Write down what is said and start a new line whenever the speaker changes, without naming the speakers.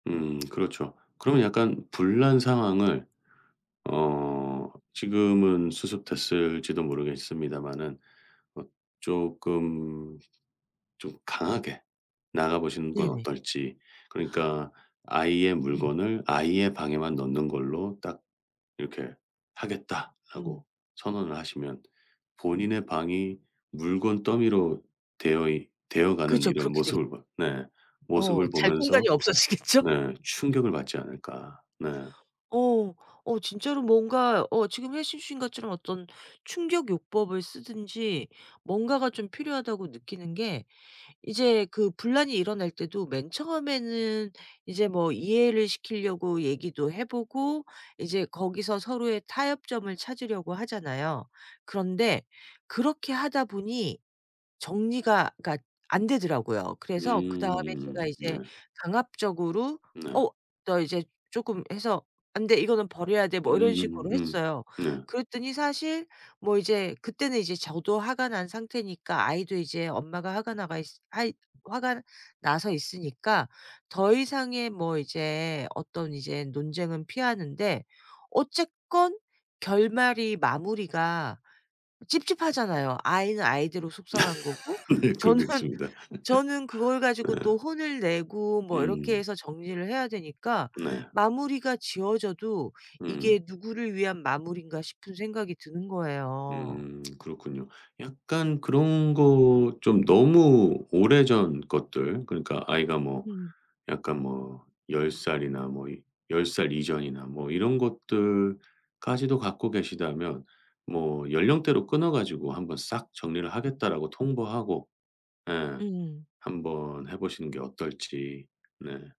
음 그렇죠. 그러면 약간 분란 상황을 어 지금은 수습됐을지도 모르겠습니다만은 뭐 쪼끔 좀 강하게 나가 보시는 건
네네.
어떨지 그러니까 아이의
음.
물건을 아이의 방에만 넣는 걸로 딱 이렇게
음.
하겠다라고 선언을 하시면 본인의 방이 물건 더미로 되어 있 되어 가는
그쵸.
이런
그렇게 되겠
모습을 봤 네
어
모습을
잘
보면서
공간이 없어지겠죠?
네 충격을 받지 않을까. 네.
어. 어 진짜로 뭔가 어 지금 해 주신 것처럼 어떤 충격요법을 쓰든지 뭔가가 좀 필요하다고 느끼는 게 이제 그 분란이 일어날 때도 맨 처음에는 이제 뭐 이해를 시키려고 얘기도 해 보고 이제 거기서 서로의 타협점을 찾으려고 하잖아요. 그런데 그렇게 하다 보니 정리가 그러니까 안 되더라고요. 그래서 그다음에 제가
음음음. 네.
이제 강압적으로
네.
"어 너 이제 쪼끔 해서 안 돼 이거는 버려야 돼." 뭐 이런 식으로
음음음음.
했어요.
네.
그랬더니 사실 뭐 이제 그때는 이제 저도 화가 난 상태니까 아이도 이제 엄마가 화가 나가 있 화이 화가 나서 있으니까 더 이상의 뭐 이제 어떤 이제 논쟁은 피하는데 어쨌건 결말이 마무리가 찝찝하잖아요. 아이는 아이대로 속상한 거고
네
저는
그러겠습니다.
저는 그걸 가지고
예.
또 혼을 내고 뭐 이렇게
음.
해서 정리를 해야 되니까
네.
마무리가 지어져도
음.
이게 누구를 위한 마무리인가 싶은 생각이 드는 거예요.
음. 그렇군요. 약간 그런 거 좀 너무 오래전 것들 그러니까 아이가 뭐
음.
약간 뭐 10 살이나 뭐 이 10 살 이전이나 뭐 이런 것들까지도 갖고 계시다면 뭐 연령대로 끊어 가지고 한번 싹 정리를 하겠다라고 통보하고 예
음.
한번 해 보시는 게 어떨지. 네.